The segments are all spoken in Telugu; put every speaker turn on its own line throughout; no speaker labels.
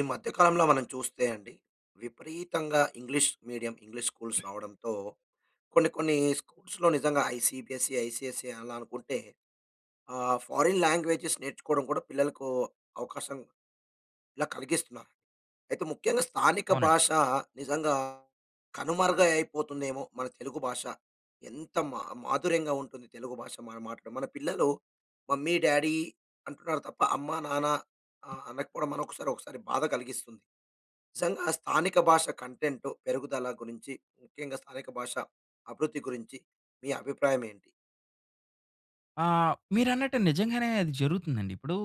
ఈ మధ్య కాలంలో మనం చూస్తే అండి. విపరీతంగా ఇంగ్లీష్ మీడియం, ఇంగ్లీష్ స్కూల్స్ రావడంతో, కొన్ని, కొన్ని స్కూల్స్‌లో నిజంగా ఐసీబీఎస్సీ ఐసీఎస్సీ, అలా అనుకుంటే ఆ! ఫారిన్ లాంగ్వేజ‌స్ నేర్చుకోవడం కూడా పిల్లలకు అవకాశం ఇలా కలిగిస్తున్నా, అయితే ముఖ్యంగా స్థానిక
అవునండి.
భాష నిజంగా కనుమరుగై అపోతుందేమో మన తెలుగు భాష. ఎంత మా మాధుర్యంగా ఉంటుంది. తెలుగు భాష మనం మాటే మన పిల్లలు మమ్మీ-డ్యాడీ అంటున్నారు తప్ప, అమ్మ-నాన్న అ-అనకపోవడం మనోకసారి ఒకసారి బాధ కలిగిస్తుంది. నిజంగా స్థానిక భాష కంటెంట్ పెరుగుదల గురించి, ముఖ్యంగా స్థానిక భాష అభివృద్ధి గురించి మీ అభిప్రాయం ఏంటి?
ఆ! మీరన్నట్టు నిజంగానే అది జరుగుతుందండి. ఇప్పుడు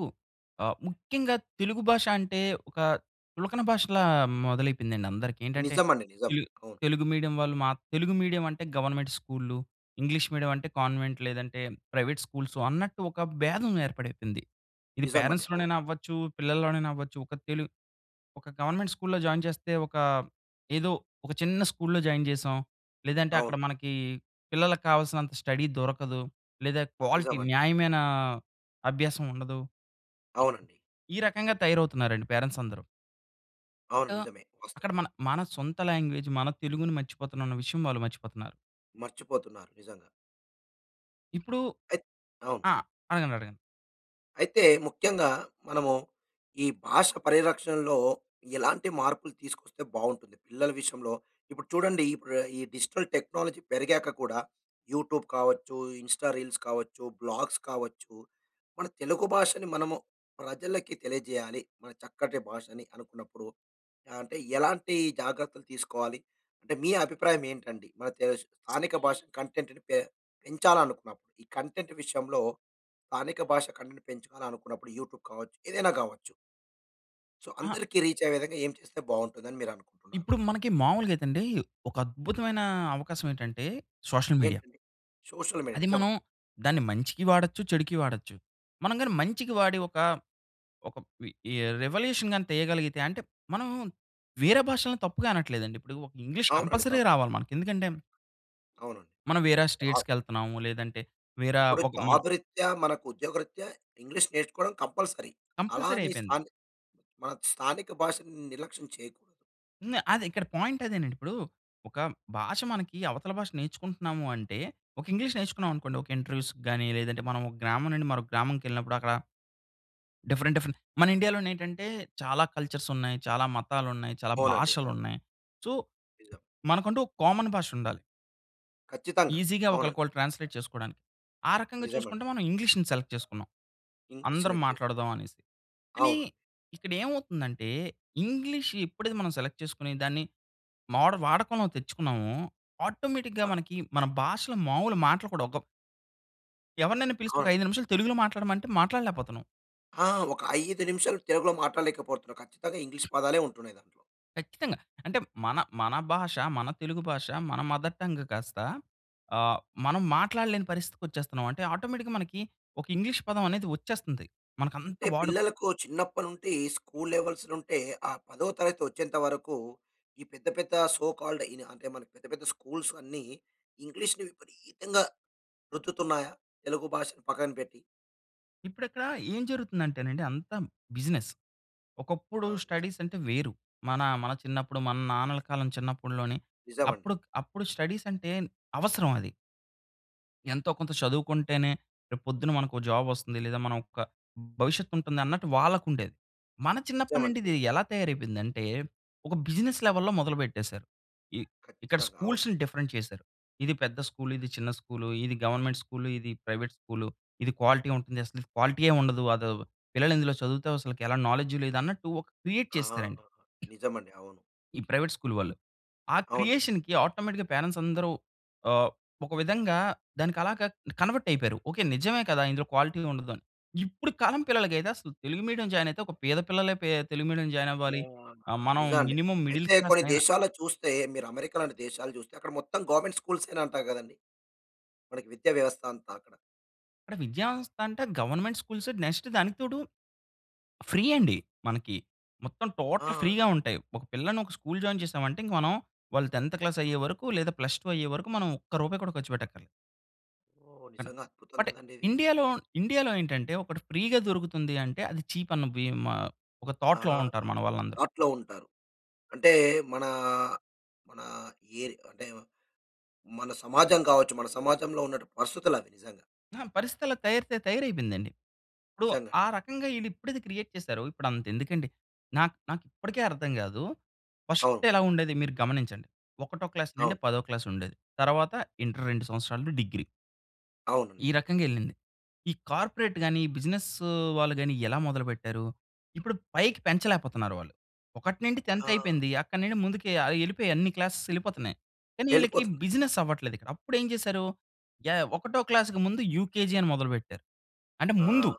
ఆహ్, ముఖ్యంగా తెలుగు భాష అంటే ఒక చులకన భాషలా మొదలైపోయిందండి అందరికి. ఏంటంటే,
నిజం అండి. నిజం.
ఈల్
అవును.
తెలుగు మీడియం వాళ్ళు మా తెలుగు మీడియం అంటే గవర్నమెంట్ స్కూళ్ళు, ఇంగ్లీష్ మీడియం అంటే కన్వెంట్ లేదంటే, ప్రైవేట్ స్కూల్స్ అన్నట్టు ఒక బేధం ఏర్పడైపోయింది. ఇది
నిజం అండి. అవును.
పేరెంట్స్‌లోనైనా అవ్వచ్చు, పిల్లల్లోనైనా అవ్వచ్చు, ఒక తెలు ఒక గవర్నమెంట్ స్కూల్‌లో జాయిన్ చేస్తే ఒక ఏదో ఒక చిన్న స్కూల్‌లో జాయిన్ చేసాం. లేదంటే అక్కడ
అవును.
మనకి పిల్లలకి కావాల్సినంత స్టడీ దొరకదు. లేదా క్వాలిటీ
నిజం అండి.
న్యాయమైన అభ్యాసం ఉండదు.
అవునండి.
ఈ రకంగా తయారవుతున్నారండి పేరెంట్స్ అందరూ.
అవును.
ట
నిజమే వాస్తవం.
అక్కడ మన మన సొంత లాంగ్వేజ్ మన తెలుగుని మర్చిపోతున్నాం అన్న విషయం వాళ్ళు మర్చిపోతున్నారు.
మర్చిపోతున్నారు నిజంగా.
ఇప్పుడు
ఐత్ అవును.
ఆ! అడగండి అడగండి.
అయితే ముఖ్యంగా మనము ఈ భాష పరిరక్షణలో ఎలాంటి మార్పులు తీసుకొస్తే బావుంటుంది. పిల్లల విషయంలో ఇప్పుడు చూడండి ఇపుడు ఈ డిజిటల్ టెక్నాలజీ పెరిగాక కూడా యూట్యూబ్ కావచ్చు, ఇన్స్టా రీల్స్ కావచ్చు, బ్లాగ్స్ కావచ్చు, 'మన తెలుగు భాషని మనము ప్రజలకి తెలియజేయాలి. మన చక్కటి భాషని' అనుకున్నప్పుడు ఆహ్, అంటే ఎలాంటి జాగ్రత్తలు తీసుకోవాలి. అంటే మీ అభిప్రాయం ఏంటండి? మన తేష్ స్థానిక భాష కంటెంట్‌ని పె పెంచాలి అనుకున్నప్పుడు. ఈ కంటెంట్ విషయంలో స్థానిక భాష కంటెంట్‌ని పెంచుకున్నప్పుడు యూట్యూబ్ కావచ్చు, ఏదైనా కావచ్చు? సో
అహ
అందరికి రీచ్ అయ్యే విధంగా ఏం చేస్తే బావుంటుందని మీరు అనుకుంటున్నారు?
ఇప్పుడు మనకి మామూలుగా అయితే అండి. ఒక అద్భుతమైన అవకాశం ఏంటంటే సోషల్ మీడియా.
ఎంటండి? సోషల్ మీడియా
అది
నిజమ?
మనం దాన్ని మంచికి వాడొచ్చు, చెడుకి వాడొచ్చు. మనం గాని మంచికి వాడి ఒక ఒక ఈ ఈ రివల్యూషన్ గాని తీయగలిగితే అంటే మనము వేరే భాషల్ని తప్పుగా అనట్లేదండి. ఇప్పుడు ఒక ఇంగ్లీష్
అవునండి.
కంపల్సరీ
తప్పు
రావాలి మనకి. ఎందుకంటే
అవునండి.
మనం వేరే
వావ్
స్టేట్స్‌కి ఎళ్తున్నాము. లేదంటే వేర
ఇప్పుడు
ఒక మనం
జాబ్‌రీత్యా మనకు ఉద్యోగరీత్యా ఇంగ్లీష్ నేర్చుకోవడం కంపల్సరీ. అలా
కంపల్సరీ
అని
అయిపోయింది.
స్థాన్ మన స్థానిక భాషని నిర్లక్ష్యం చేయకూ
హ్మ్. అది. ఇక్కడ పాయింట్ అదేనండి. ఇప్పుడూ, ఒక భాష మనకి అవతల భాష నేర్చుకుంటున్నాము అంటే, ఒక ఇంగ్లీష్ నేర్చుకున్నాం అనుకోండి. ఒక ఇంటర్వ్యూస్‌కి గాని లేదంటే, మనం ఒక గ్రామం నుండి మరొక గ్రామంకెళ్ళినప్పుడు అక్కడ, డిఫరెంట్, డిఫరెంట్ మన ఇండియాలోనేంటంటే చాలా కల్చర్సున్నయి, చాలా మతాలున్నయి, చాలా
అవునండి. అవును.
భాషలున్నయి. సో,
నిజం.
మనకంటూ ఒక కామన్ భాషుండాలి.
ఖచ్చితంగా.
ఈజీగా
అవునండి.
ఒకళ్ళకొళ్ళు ట్రాన్స్‌లేట్ చేసుకోడానికి. ఆ రకంగా
నిజమండి.
చూసుకుంటే మనం ఇంగ్లీష్‌ని సెలెక్ట్ చేసుకున్నాం.
ఇంగ్లీష్
అందరం
సెలెక్ట్ చేసుకో
మాట్లాడదామనేసి. కానీ,
అవును.
ఇక్కడేమవుతుందంటే ఇంగ్లీష్ ఎప్పుడది మనం సెలెక్ట్ చేసుకొని దాన్ని మోడల్ వాడకంలో తెచ్చుకున్నామో, ఆటోమేటిక్‌గా
అ
మనకి మన భాషలో మావులు మాటలు కూడా ఒక ఎవరినైనా పిలిచి ఒక
అవును.
5 నిమిషాలు తెలుగులో మాట్లాడమంటే మాట్లాడలేపోతున్నాం.
ఆ! ఒక 5 నిమిషాలు తెలుగులో మాట్లాడలేకపోతున్నాం. ఖచ్చితంగా ఇంగ్లీష్ పదాలే ఉంటున్నాయి దాంట్లో.
ఖచ్చితంగా. అంటే మన, మన భాష, మన తెలుగు భాష మన మదర్ టంగ్ కాస్త, అహ్, మనం మాట్లాడలేని పరిస్థితికి వచ్చేస్తున్నాం. అంటే ఆటోమేటిక్‌గా మనకి ఒక ఇంగ్లీష్ పదం అనేది వచ్చేస్తుంది. మనకంతా
అంటే
వాడు
పిల్లలకు చిన్నప్పటి నుండి స్కూల్ లెవెల్స్‌‌లుంటే ఆ పదో తరగతి వచ్చేంత వరకు, ఈ పెద్ద, పెద్ద సో కాల్డ్ ఇనా అంటే మనకి పెద్ద, పెద్ద స్కూల్స్ అన్నీ, ఇంగ్లీష్‌ని విపరీతంగా రుద్దుతున్నాయా? తెలుగు భాషను పక్కన పెట్టి.
ఇప్పుడక్కడ ఏం జరుగుతుందంటేనండి అంతా బిజినెస్.
ఆ!
ఒకప్పుడు
నిజం.
స్టడీస్ అంటే, వేరు. మన మన చిన్నప్పుడు మన నాన్నల కాలం చిన్నప్పుడు‌లోని
నిజమండి.
అప్పుడు అప్పుడు స్టడీస్ అంటే అవసరం అది. ఎంతో కొంత చదువుకుంటేనే, రేపు పొద్దున మనకు ఒక జాబ్ వస్తుంది. లేదా ఒక మన భవిష్యత్తు ఉంటుందన్నట్టు వాళ్ళకుండేది. మన
నిజమండి.
చిన్నప్పటినుండి ఇది
నిజం.
ఎలా తయారైపోయింది అంటే, ఒక బిజినెస్ లెవెల్‌లో మొదలుపెట్టేసారు. ఇ ఇక్కడ
ఖచ్చితంగా. అవును.
స్కూల్స్‌ని డిఫరెంట్ చేసారు. ఇది పెద్ద స్కూల్, ఇది చిన్న స్కూలు, ఇది గవర్నమెంట్ స్కూలు, ఇది ప్రైవేట్ స్కూలు, ఇది క్వాలిటీ ఉంటుంది. అసలు క్వాలిటీయే ఉండదు. అది పిల్లలు ఇందులో చదువుతే అసలకి ఎలా నాలెడ్జ్ లేదన్నట్టు ఒక క్రియేట్
ఆహా!
చేసారండి...
నిజమండి. అవును.
ఈ ప్రైవేట్ స్కూల్ వాళ్ళు. ఆ
అవును.
క్రియేషన్‌కి ఆటోమేటిక్‌గా పేరంట్స్ అందరూ ఆహ్, ఒక విధంగా దానికి అలాగా కన్వర్ట్ అయిపోయారు. ఓకె నిజమే కదా! ఇందులో క్వాలిటీ ఉండదు. ఇప్పుడు కాలం పిల్లలకైతే అసలు తెలుగు మీడియం జాయిన్ అయితే ఒక పేద పిల్లలే తెలుగు మీడియం జాయిన్ అవ్వాలి. మనం
నిజమండి.
మినిమమ్ మిడిల్
అయితే
క్లాస్
కొన్ని
అయినా
దేశాల్లో చూస్తే, మీరు అమెరికా లాంటి దేశాలు చూస్తే, అక్కడ మొత్తం గవర్నమెంట్ స్కూల్సే నంటా కదండీ! అక్కడి విద్యా వ్యవస్థంతా అక్కడ.
అంటే, విద్యా వ్యవస్థ అంటే, గవర్నమెంట్ స్కూల్స్ నెక్స్ట్ దానికి తోడు, ఫ్రీ అండి మనకి. మొత్తం టోటల్ ఫ్రీ
ఆ!
ఉంటాయి. ఒక పిల్లని ఒక స్కూల్ జాయిన్ చేసామంటే, ఇంక మనం వాళ్ళు 10థ్ క్లాస్ అయ్యేవరకు, లేదా ప్లస్ టు అయ్యేవరకు మనం ఒక్క రూపాయి కూడా ఖర్చు పెట్టక్కర్లేదు.
ఓహ్!
అన
నిజంగా అద్భుతం
అంటే
కదండి ఇది.
ఇండియాలో, ఇండియాలో ఏంటంటే ఒకటి ఫ్రీ‌గా దొరుకుతుంది అంటే అది చీప్ అన్న భీమా ఒక
ఆ!
థాట్‌లో ఉంటారు మనవాళ్ళందరూ.
అట్లా ఉంటారు. అంటే మన మన ఎరి అంటే మన సమాజం కావచ్చు, మన సమాజంలో ఉన్నట్టి పరిస్థితులు అవి నిజంగా.
ఆహా! పరిస్థితలా తయారితే తయారైపోయిందండి. ఇప్పుడు
నిజంగాండి.
ఆ రకంగా ఈళ్ళు ఎప్పుడిది క్రియేట్ చేసారో ఇప్పుడు అంత ఎందుకండి. నాకు నాకు ఇప్పటికి అర్థం కాదు.
అవును.
1స్ట్ ఎలా ఉండేది మీరు గమనించండి. ఒకటో క్లాస్
అవును.
నుండి 10 క్లాస్ ఉండేది. తర్వాత ఇంటర్ 2 సంవత్సరాలు డిగ్రీ.
అవునండి.
ఈ రకంగెళ్లింది. ఈ కార్పొరేట్ గాని, బిజినెస్ వాళ్ళు గాని ఎలా మొదలుపెట్టారు. ఇప్పుడు పైకి పెంచలేకపోతున్నారు వాళ్ళు. ఒకటి నుండి 10త్
ఆ!
అయిపోయింది. అక్కడి నుండి ముందుకు ఆయి వెళ్ళిపోయి. అన్ని క్లాసేస్ వెళ్ళిపోతున్నాయి. కానీ ఈళ్ళకి
వెళ్ళిపోతుంది.
బిజినెస్ అవ్వట్లేదు ఇక్కడ. అప్పుడు ఏం చేశారు యాహ్! యాహ్! ఒకటో క్లాస్‌కి ముందు యూకేజీ అని మొదలుపెట్టారు. అంటే
ఆ!
ముందు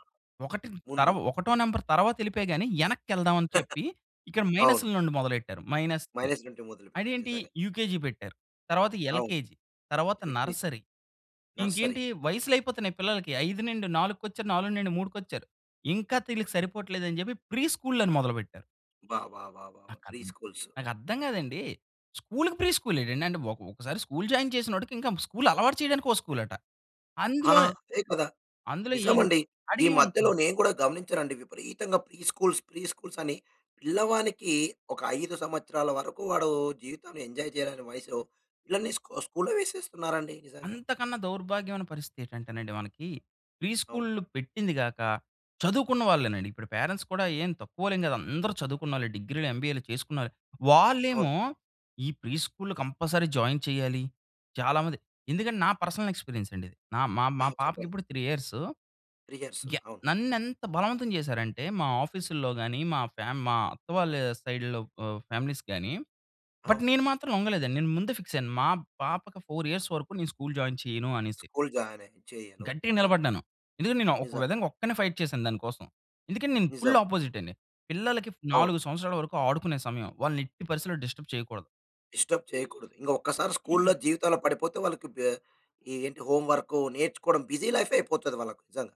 ఒకటి తరు
ముందు.
ఒకటో నంబర్ తర్వాత వెళ్ళిపోయి గాని వెనక్కి వెళ్దాం అని చెప్పి ఇక్కడ
అవును.
మైనస్‌ల నుండి మొదలెట్టారు. మైనస్‌ని.
మైనస్ నుండి మొదలు పెట్టారు
అదేంటి
నిజంగా.
యూకేజీ పెట్టారు. తర్వాత
అవును.
ఎల్‌కేజి తరువాత
ఎల్‌కేజి
నర్సరీ.
నర్సరీ.
ఇంకేంటి వయసులు అయిపోతున్నాయి పిల్లలకి 5-4 వచ్చారు, 4-3 వచ్చారు. ఇంకా తీళ్ళకి సరిపోవట్లేదు అని చెప్పి ప్రీ స్కూళ్ళు అని మొదలుపెట్టారు.
బా! బా! బా!
నా
ప్రీ
కద్
స్కూల్సు.
నాకర్థం కాదండి. స్కూల్‌‌‌కి ప్రీ స్కూల్ ఏంటండి. అంటే ఒక ఒకసారి స్కూల్ జాయిన్ చేసినోడికి ఇంక స్కూల్ అలవాటు చేయడానికి ఒక స్కూలట.
ఆ!
అందులో,
అదే కదా!
అందులో
నిజం
ఏం
అండి. ఈ మధ్యలో
అడిగామనుకోండి
నేను కూడా గమనించాను అండి. విపరీతంగా ప్రీ స్కూల్స్, ప్రీ స్కూల్స్ అని. పిల్లవానికి ఒక 5 సంవత్సరాల వరకు వాడు జీవితంలో ఎంజాయ్ చేయలేని వయసులో. పిల్లల్ని స్కు స్కూల్‌లో వేసేస్తున్నారండి నిజంగా.
అంతకన్నా దౌర్భాగ్యమైన పరిస్థితి ఏంటంటేనండి మనకి. ప్రీ
అవును.
స్కూళ్లు పెట్టింది కాక చదువుకున్న వాళ్ళేనండి. ఇప్పుడు పేరెంట్స్ కూడా ఏం తక్కువాళ్లేం కాదు. అందరూ చదువుకున్నోళ్ళే డిగ్రీలు, ఎంబీఏలు చేసుకున్నారే.
అవును.
వాళ్ళేమో ఈ ప్రీ స్కూల్లో కంపల్సరీ జాయిన్ చెయ్యాలి. చాలా మంది ఎందుకంటే నా పర్సనల్ ఎక్స్పీరియన్స్ అండి ఇది. నా మా,
ఆ!
మా పాపకి
చెప్పండి.
ఇప్పుడు 3 ఇయర్సు.
రిహార్సు
యహ్!
అవును.
నన్ను ఎంత బలవంతం చేసారంటే మా ఆఫీసుల్లో గాని, మా ఫ్యా మా అత్త వాళ్ళ సైడ్‌లో ఆహ్, ఫ్యామిలీస్ గాని, బట్
అవును.
నేను మాత్రం లొంగలేదండి. నేను ముందే ఫిక్స్ అయ్యాను. మా పాపకి 4 ఇయర్స్ వరకు నేను స్కూల్ జాయిన్ చెయ్యను అనేసి.
స్కూల్ జాయినే చెయ్యను.
గట్టిగా
నిజంగా.
నిలబడ్డాను. ఎందుకంటే నేను ఒక
నిజం.
విధంగా ఒక్కడినే ఫైట్ చేశాను దానికోసం. ఎందుకంటే నేను
నిజం.
ఫుల్ అపోజిట్ అండి. పిల్లలకి
అవును.
4 సంవత్సరాల వరకు ఆడుకునే సమయం. వాళ్ళని ఎట్టి పరిస్థితిలో డిస్టర్బ్ చేయకూడదు.
డిస్టర్బ్ చేయకూడదు. ఇంగా ఒకసారి స్కూల్‌లో జీవితంలో పడిపోతే వాళ్ళకి బె ఏంటి హోమ్ వర్కు నేర్చుకోవడం బిజీ లైఫ్ అయిపోతది వాళ్ళకి నిజంగా!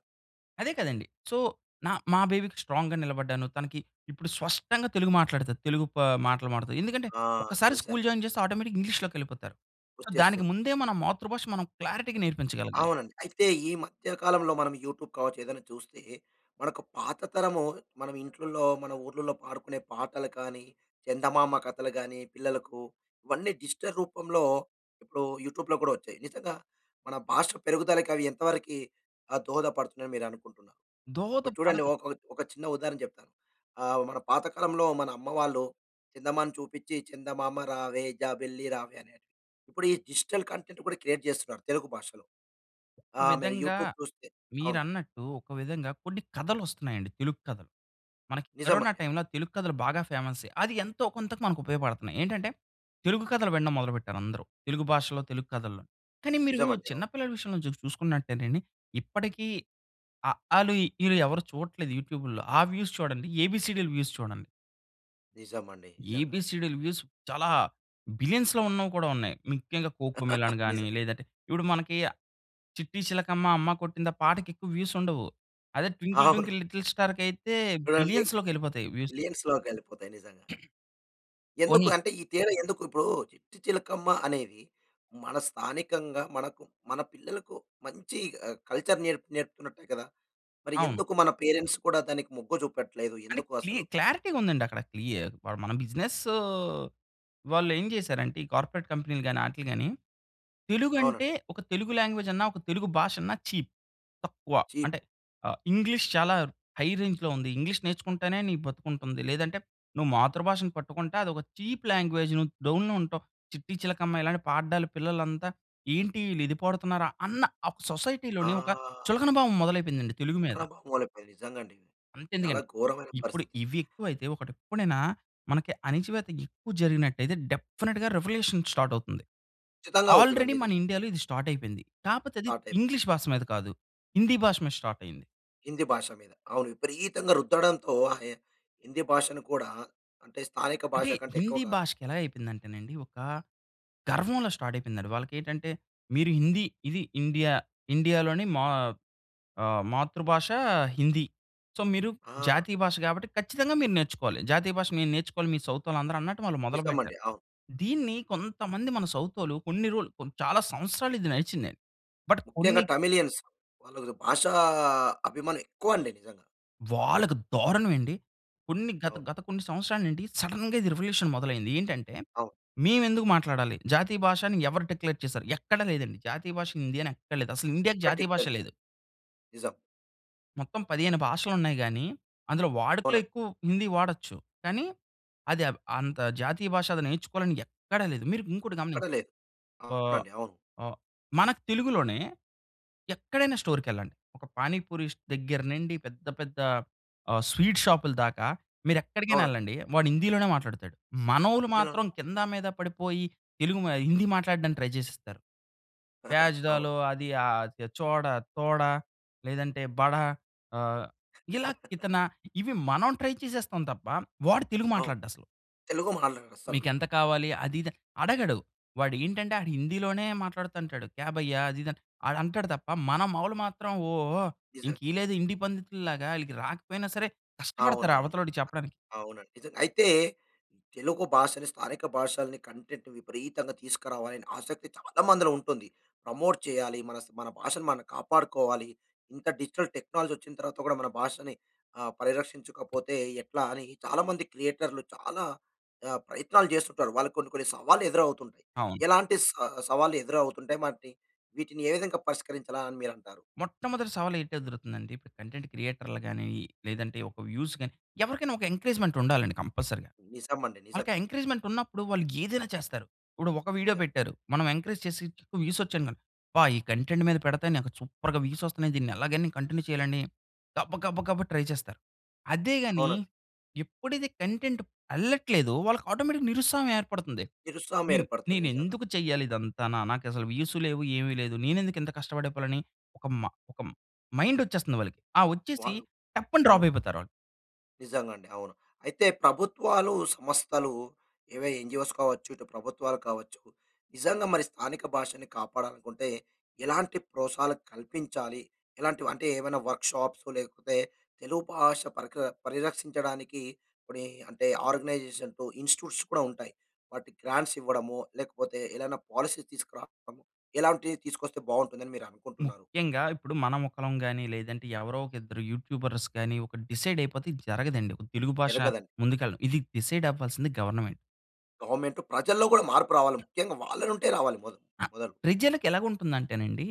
అదే కదండీ. సో, నా మా బేబీకి స్ట్రాంగ్‌గా నిలబడ్డాను. తనకి ఇప్పుడు స్పష్టంగా తెలుగు మాట్లాడుతది. తెలుగు ప మాటలు మాట్లాడతాది. ఎందుకంటే,
ఆ!
ఒక్కసారి స్కూల్
చూసాను.
జాయిన్ చేస్తే ఆటోమేటిక్‌గా ఇంగ్లీష్‌లోకెళ్ళిపోతారు. సో, దానికి
వచ్చేస్తుంది.
ముందే మన మాతృభాష మనం క్లారిటీగా నేర్పించగలగాలి.
అవునండి. అయితే ఈ మధ్య కాలంలో మనం యూట్యూబ్ కావచ్చు, ఏదైనా చూస్తే మనకు పాత తరము మన ఇంట్లల్లో మన ఊర్లలో పాడుకునే పాటలు కానీ, చందమామ కథలు గాని, పిల్లలకు ఇవన్నీ డిజిటల్ రూపంలో ఇప్పుడు యూట్యూబ్‌లో కూడా వచ్చాయి. నిజంగా మన భాష పెరుగుదలకి అవి ఎంతవరకీ ఆహ్, దోహదపడుతున్నాయి అని మీరనుకుంటున్నారు.
దోహత
ఇప్పుడు చూడండి
పడను.
ఒక ఒక చిన్న ఉదాహరణ చెప్తాను. ఆహ్, మన పాత కాలంలో మన అమ్మవాళ్ళు చందమామని చూపించి, "చందమామ రావే జాబిల్లి రావే" అని ఇప్పుడు ఈ డిజిటల్ కంటెంట్ కూడా క్రియేట్ చేస్తున్నారు తెలుగు భాషలో.
ఒక
ఆహ్, మీరు
విధంగా,
యూట్యూబ్ చూస్తే అవును.
మీరన్నట్టు ఒక విధంగా కొన్ని కథలొస్తున్నాయండి తెలుగు కథలు. మనకి కరోనా
నిజమండి, అవును.
టైమ్‌లో తెలుగు కథలు బాగా ఫేమసే. అది ఎంతో కొంతకు మనకు ఉపయోగపడుతున్నాయి. ఏంటంటే, తెలుగు కథలు వినడం మొదలుపెట్టారు అందరూ. తెలుగు భాషలో, తెలుగు కథల్లో. కానీ, మీరు
నిజమండి.
చిన్న
అవును.
పిల్లల విషయంలో చుసు చూసుకున్నట్టేనండి ఇప్పటికి అఆలు, ఇఈలు ఎవరూ చూడట్లేదు యూట్యూబుల్లో. ఆ వ్యూస్ చూడండి. ఏబీసీడీలు వ్యూస్ చూడండి.
నిజమండి. నిజంగా.
ఏబీసీడీ‌లు వ్యూస్ చాలా బిలియన్స్‌లో ఉన్నవి కూడా ఉన్నాయి. ముఖ్యంగా కోక్ మెలాన్ గాని,
నిజం.
లేదంటే ఇప్పుడు మనకి 'చిట్టి చిలకమ్మ అమ్మ కొట్టిందా' పాటకి ఎక్కువ వ్యూస్ ఉండవు. అదే 'ట్వింకిల్
అవును.
ట్వింకిల్ లిటిల్ స్టార్‌కయితే'
చూడండీ
బిలియన్స్‌లోకెళ్ళిపోతాయి వ్యూసు.
మిలియన్స్‌లోకెళ్ళిపోతాయి నిజంగా.
పోనీ
ఎందుకు అంటే, ఈ తీర ఎందుకు? ఇప్పుడు 'చిట్టి చిలకమ్మ' అనేది, మన స్థానికంగా మనకు, మన పిల్లలకు మంచి ఆహ్, కల్చర్ నేరపు నేర్పుతున్నట్టే కదా మరి.
అవును.
ఎందుకు మన పేరెంట్స్ కూడా దానికి మొగ్గు చూపట్లేదు,
అంటే
ఎందుకు
క్లి
అసలు?
క్లారిటీ‌గా ఉందండి అక్కడ. క్లియ మన బిజినెసొ వాళ్ళు ఏం చేశారంటే, ఈ కార్పొరేట్ కంపెనీ‌లు గాని, ఆట్లీ గాని, తెలుగు అంటే,
అవునండి.
ఒక తెలుగు లాంగ్వేజ్ అన్నా, ఒక తెలుగు భాష అన్నా చీప్. తక్కువ.
చీప్.
అంటే ఆహ్, ఇంగ్లీష్ చాలా హై రేంజ్‌లో ఉంది. ఇంగ్లీష్ నేర్చుకుంటేనే నీ బ్రతుకుంటుంది. లేదంటే నువ్వు మాతృభాషను పట్టుకుంటే, అదొక చీప్ లాంగ్వేజ్ నువ్వు డౌన్‌లో ఉంటావు. 'చిట్టి చిలకమ్మ' ఇలాంటి పాడడాలు పిల్లలంతా ఏంటి వీళ్ళు ఇది పాడుతున్నారా! అన్న ఆహ్, సొసైటీ‌లోనే ఒక
ఆ!
చులకన భావం మొదలైపోయిందండి తెలుగు మీద.
ఇక్కడ మామూలైపోయింది. నిజంగండి. చాలా
అంతెందుకండి.
ఘోరమైన
ఇప్పుడు
పరిస్థితి లేదు
ఇవి ఎక్కువైతే, ఒకటి ఎప్పుడైనా మనకి అణిచివేత ఎక్కువ జరిగినట్టయితే, డెఫినిట్‌గా రివల్యూషన్ స్టార్ట్ అవుతుంది.
కచ్చితంగా అవుతుందండి.
ఆల్రెడీ
ఇది
మన ఇండియాలో ఇది స్టార్ట్ అయిపోయింది. కాకపోతే, అది
స్టార్ట్ అయిప్
ఇంగ్లీష్ భాష మీద కాదు, హిందీ భాష మీద స్టార్ట్ అయింది.
హిందీ భాష మీద అవును. విపరీతంగా రుద్దడంతో ఆయె హిందీ భాషను కూడా అంటే స్థానిక
అంటే
భాష కంటే
హిందీ
ఎక్కువగా
భాషకి ఎలా అయిపోయిందంటేనండి ఒకా గర్వంలా స్టార్ట్ అయిపోయిందండి. వాళ్ళకి ఏటంటే మీరు హిందీ, ఇది ఇండియా. ఇండియాలోని మా ఆహ్, మాతృభాషా హిందీ. సో మీరు
ఆ!
జాతీయ భాష గాబట్టి ఖచ్చితంగా మీరు నేర్చుకోవాలి. జాతీయ భాష మీరు నేర్చుకోవాలి, మీ సౌతోళ్ళు అందరూ అన్నట్టు వాళ్ళు
నిజమండి.
మొదలుపెట్టారు.
అవును.
దీన్ని కొంతమంది మన సౌతోళ్ళు కొన్ని రోల్ కొన్ చాలా సంవత్సరాలు ఇది నడిచిందండి. బట్
ముఖ్యంగా
కొన్ని
టమిళియన్స్. వాళ్ళదు భాషా అభిమానం ఎక్కువండి నిజంగా.
వాళ్ళకి దారుణం ఏండి. కొన్ని గత,
అవును.
గత కొన్ని సంవత్సరాలు నుండి సడెన్‌గా ఇది రివల్యూషన్ మొదలైంది. ఏంటంటే
అవును.
మేవెందుకు మాట్లాడాలి? జాతీయ భాషని ఎవరు డిక్లేర్ చేశారు? ఎక్కడ లేదండి. జాతీయ భాష హిందీ అని ఎక్కడ లేదు. అసలు ఇండియాకి
ఎక్కడ
జాతీయ
డిక్లేర్
భాషే లేదు.
చెయ్యలేదు. నిజం.
మొత్తం 15 భాషలు ఉన్నాయి గానీ అందులో వాడుకలో
అవునండి.
ఎక్కువు హిందీ వాడచ్చు. కానీ అదెవ్ అంత జాతీయ భాష అది నేర్చుకోవాలని ఎక్కడా లేదు. మీరు ఇంకోటి
ఎక్కడ
గమనించండి.
లేదు.
వా
అవునండి. అవును.
ఆహ్, మనకు తెలుగులోనే ఎక్కడైనా స్టోర్‌కెళ్ళండి. ఒక పానీపూరీష్ దెగ్గర నుండి పెద్ద పెద్దా ఆహ్, స్వీట్ షాప్‌లదాకా, మీరు ఎక్కడికైనా
అవునండి.
ఎళ్ళండి. వాడు హిందీలోనే మాట్లాడతాడు. మనోళ్ళు
ఇంజలోనే
మాత్రం కింద మీద పడిపోయి తెలుగు మ హిందీ మాట్లాడడానికి ట్రై చేసిస్తారు. ప్యాజ్
అవును.
డాలో అది ఆహ్, చ చోడ, తోడ లేదంటే బడా ఆహ్, ఇలా కితన ఇవి మనం ట్రై చేసేస్తాం తప్ప వాడు తెలుగు
అవును.
మాట్లాడడు అసలు.
తెలుగు మాట్లాడరు అస్సలు.
మీకెంత కావాలి అది ఇదని అడగడు. వాడు ఏంటంటే ఆడు హిందీలోనే మాట్లాడతంటాడు. క్యా భయ్యా అది ఇది అంట్ ఆడు అంటాడు తప్ప మన మౌలు మాత్రం ఓహ్!
నిజంగా.
ఇంక ఈళ్ళేదో హిందీ పండితుల్లాగా ఈళ్ళకి రాకపోయినా సరే కష్టపడతారు
అవునవును.
అవతలోడికి చెప్పడానికి.
అవునండి. నిజంగా. అయితే, తెలుగు భాషని, స్థానిక భాషలని కంటెంట్ విపరీతంగా తీసకరావాలి అని ఆసక్తి చాలా మందిలో ఉంటుంది. ప్రమోట్ చెయ్యాలి. మనస్ మన భాషను మనం కాపాడుకోవాలి. ఇంత డిజిటల్ టెక్నాలజీ వచ్చిన తర్వాత గూడా మన భాషని ఆహ్, పరిరక్షించకపోతే ఎట్లా అని చాలా మంది క్రియేటర్లు చాలా ఆహ్, ప్రయత్నాలు చేస్తుంటారు. వాళ్ళకు కొన్ని కొన్ని సవాళ్ళు ఎదురవుతుంటాయి.
అవును.
ఎలాంటి సా సవాళ్ళు ఎదురవుతుంటాయి? వాటిని వీటిని ఏ విధంగా పరిష్కరించాలా అని మీరంటారు?
మొట్టమొదటి సవాలు ఏంటి ఎదురవుతుందంటే ఇప్పుడు కంటెంట్ క్రియేటర్లు గానీ, లేదంటే ఒక వ్యూస్ గాని, ఎవరికైనా ఒక ఎంకరేజ్‌మెంట్ ఉండాలండి కంపల్సరీగా.
నిజం అండి. నిజం.
ఆళ్ళకి ఆ ఎంకరేజ్‌మెంట్ ఉన్నప్పుడు వాళ్ళు ఏదైనా చేస్తారు. ఇప్పుడు ఒక వీడియో
నిజం.
పెట్టారు. మనం ఎంకరేజ్ చేసిచ్ చుట్టూ వ్యూస్ వచ్చాయిమ అబ్బా! ఈ కంటెంట్ మీద పెడతే నాకు సూపర్‌గా వ్యూస్ వస్తన్నాయి. దీన్ని ఎలాగైనా కంటిన్యూ చెయ్యాలని గబ, గబ, గబా ట్రై చేస్తారు. అదే గానీ
అవునండి.
ఎప్పుడైతే కంటెంట్ ఎళ్ళట్లేదో వాళ్ళకి ఆటోమేటిక్‌గా నిరుత్సాహం ఏర్పడతంది.
తిరుస్వామి
నేను,
ఏర్పడుతది
నేను
నిజంగా.
ఎందుకు చెయ్యాలి ఇదంతా? నా నాకు అసలు వ్యూస్ లేవు ఏమీ లేదు. నేనెందుకు ఇంత కష్టపడి పోవాలి అని ఒక మా ఒక మ్ మైండ్ వచ్చేస్తంది వాళ్ళకి. ఆ వచ్చేసి
వాళ్ళు
టప్పని డ్రాప్
అవును.
అయిపోతారు వాళ్ళు.
నిజంగా అండి. అవును. అయితే ప్రభుత్వాలు, సంస్థలు ఏవో ఎన్‌జీ‌ఓస్‌ కావచ్చు ఇటు ప్రభుత్వాలు కావచ్చు. నిజంగా మరి స్థానిక భాషని కాపాడాలనుకుంటే ఎలాంటి ప్రోత్సహాలు కల్పించాలి? ఎలాంటివి, అంటే ఏవైనా వర్క్‌షాప్స్, లేకపోతే తెలుగు భాష పరిక పరిరక్షించడానికీ పనీ అంటే ఆర్గనైజేషన్సు, ఇన్స్టిట్యూట్స్ కూడా ఉంటాయి. వాటికి గ్రాంట్స్ ఇవ్వడము, లేకపోతే ఏదన్నా పాలసీ తీసుకురావడం ఇలాంటివి తీసుకొస్తే బావుంటుంది అని మీరు అనుకుంటున్నారు?
ముఖ్యంగా ఇప్పుడు మనం ఒకలం గానీ లేదంటే ఎవరో ఒక ఇద్దరు యూట్యూబర్స్ గానీ ఒక డిసైడ్ అయిపోతే ఇది జరగదండి. ఒక తెలుగు భాష
జరగదండి.
ముందుకు ఎళ్ళడం ఇది డిసైడ్ అవ్వాల్సింది గవర్నమెంట్.
గవర్నమెంట్. ప్రజల్లో కూడా మార్పు రావాలి. ముఖ్యంగా వాళ్ళనుంటే రావాలి మొద
ఆ!
మొదలు.
ప్రజలకి ఎలా ఉంటుందంటే‌నండి,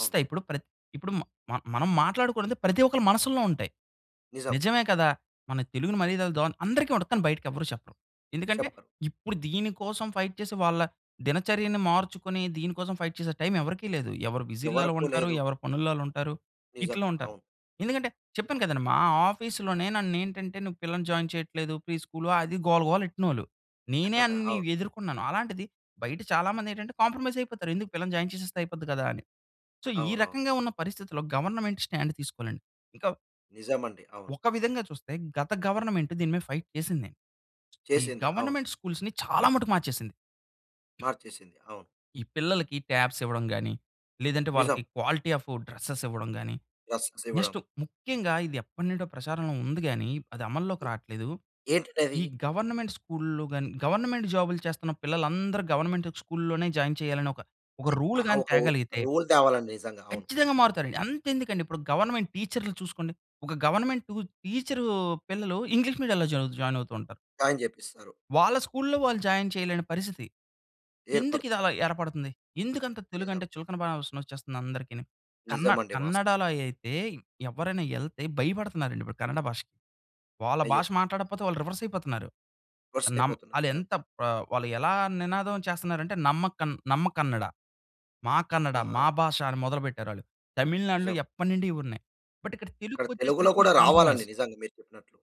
అవును.
ఇప్పుడు ప్రత్ ఇప్పుడు మ మనం మాట్లాడుకునేది ప్రతి ఒక్కల్ల మనసుల్లో ఉంటాయి.
నిజం.
నిజమే కదా! మన తెలుగుని [unintelligible] అందరికి ఉంటది కానీ, బయటకి ఎవర్రు చెప్పరు. ఎందుకంటే
చెప్పరు.
ఇప్పుడు దీని కోసం ఫైట్ చేసి, వాళ్ళ దినచర్యని మార్చుకుని, దీని కోసం ఫైట్ చేసే టైమ్ ఎవరికీ లేదు. ఎవరు బిజీల్లో ఆ‌ళ్ళు
ఎవరుకు
ఉంటారు.
లేదు.
ఎవరు పనుల్లో ఆ‌ళ్ళుం‌టారు.
నిజం.
ఇట్లా ఉంటారు.
అవును.
ఎందుకంటే, చెప్పాను కదండి! మా ఆఫీస్‌లోనే నన్నేంటంటే, నువ్వు పిల్లని జాయిన్ చెయ్యట్లేదు ఫ్రీ స్కూల్ అది గోల, గోల ఎ‌ట్టినోళ్ళు. నేనే అన్ని
అవ్
ఎదుర్కొన్నాను. అలాంటిది బయట చాలా మంది ఏంటంటే, కాంప్రమైజ్ అయిపోతారు. "ఎందుకు పిల్లని జాయిన్ చేసేస్తే అయిపోద్ది గదా!" అని. సో, ఈ
అవునవును.
రకంగా ఉన్న పరిస్థితిలో గవర్నమెంట్ స్టాండ్ తీసుకోలండి. ఇకా
నిజం అండి. అవును.
ఒక విధంగా చూస్తే గత గవర్నమెంట్ దీని మీద ఫైట్ చేసింది. ఈ
చేసింది. అవును.
గవర్నమెంట్ స్కూల్స్‌ని చాలా మటుకు మార్చేసింది.
మార్చేసింది, అవును.
ఈ పిల్లలకి ట్యాబ్స్ ఇవ్వడం గానీ, లేదంటే
నిజం.
వాళ్ళకి క్వాలిటీ ఆఫ్ డ్ర‌సెస్ ఇవ్వడం గానీ,
[unintelligible] ఇవ్వడం.
నెక్స్ట్ ముఖ్యంగా ఇది ఎప్పటి నుండో ప్రచారంలో ఉంది గానీ, అది అమల్లోకి రాట్లేదు.
ఏంటిది అది?
ఈ గవర్నమెంట్ స్కూల్లు గానీ, గవర్నమెంట్ జాబ్‌లు చేస్తున్న పిల్లలందరూ గవర్నమెంట్ స్కూల్‌లోనే జాయిన్ చేయాలనే ఒక, ఒక
చే
రూల్
ఆహ్, ఆహ్,
గానీ
ఒక వు
తేగలిగితే...
రూల్ తేవాలి అండి. నిజంగా అవును.
కచ్చితంగా మారుతారు. అంతేం‌దుకండి! ఇప్పుడు గవర్నమెంట్ టీచర్లు చూసుకోండి. ఒక గవర్నమెంటు టీచరూ పిల్లలు ఇంగ్లీష్ మీడియాల్లో జాయ్ జాయిన్ అవుతూ ఉంటారు.
జాయిన్ చేపిస్తారు.
వాళ్ళ స్కూల్‌లో వాళ్ళు జాయిన్ చేయలేని పరిస్థితి. ఎందుకు ఇది
ఏర్పడుతుంది.
అలా ఏర్పడుతుంది? ఎందుకంత తెలుగు
నిజం.
అంటే చులకన భావన వచ్చేస్తుంది అందరికిని. కన్న
నిజం అండి. వాస్త్
కన్నడా‌లో అయితే, ఎవ్వరైనా ఎ‌ళ్తే భయపడుతున్నారండి! ఇప్పుడు కన్నడ భాషకి. వాళ్ళ
అయ్యో!
భాష మాట్లాడపోతే వాళ్ళు రివర్స్ అయిపోతున్నారు.
రివర్స్
నమ్
అయిపోతున్నారు
అది
నిజం.
ఎంత ఆహ్, వాళ్ళు ఎలా నినాదం చేస్తున్నారంటే నమ్మకన్ నమ్మ కన్నడ మా కన్నడ,
ఆహా!
మా భాష అని మొదలుపెట్టారు ఆళ్ళు. తమిళనాడులో
నిజం.
ఎప్పటినుండి ఇవున్నాయి. బట్ ఇక్కడ
ఇక్కడ
తెలుగుకి
తెలుగులో
వచ్చేసరికి
కూడా
నీకు
రావాలండి.
కాంప్రమైజ్.
నిజంగా మీరు చెప్పినట్లు.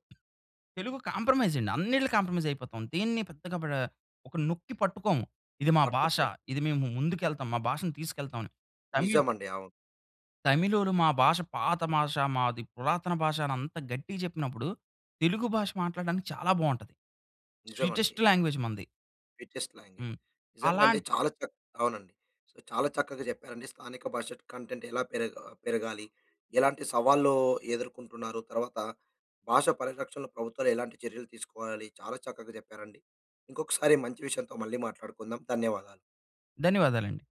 తెలుగు కాంప్రమైజ్ అండి. అన్నిట్లికీ కాంప్రమైజ్ అయిపోతాం. దీన్ని పెద్దగా బ్రా ఒక నొక్కి పట్టుకోము. ఇది మా భాష
పట్టుకుమ్
ఇది మేము ముందుకె‌ళ్తాము. మా భాషను తీసుకెళ్తామని. తమిళ్
నిజం అండి. అవును.
తమిళోలు మా భాష పాత భాష. మాది పురాతన భాష అని అంత గట్టిగా చెప్పినప్పుడు. తెలుగు భాష మాట్లాడడానికి చాలా బాగుంటది. స్వీటెస్ట్
నిజమండి.
లాంగ్వేజ్ మనది.
Sweetest language.
హ్మ్.
నిజంగా అండి
అలాన్
చాలా చక్ అవును అండి. సో, చాలా చక్కగా చెప్పారండి. స్థానిక భాష ట్ కంటెంట్ ఎలా పెరగా పెరగాలి. ఎలాంటి సవాళ్లూ ఎదుర్కొంటున్నారు, తర్వాత భాష పరిరక్షణ ప్రభుత్వాలు ఎలాంటి చర్యలు తీసుకోవాలి. చాలా చక్కగా చెప్పారండి. ఇంకొకసారి మంచి విషయంతో మళ్ళీ మాట్లాడుకుందాం, ధన్యవాదాలు.
ధన్యవాదాలండి.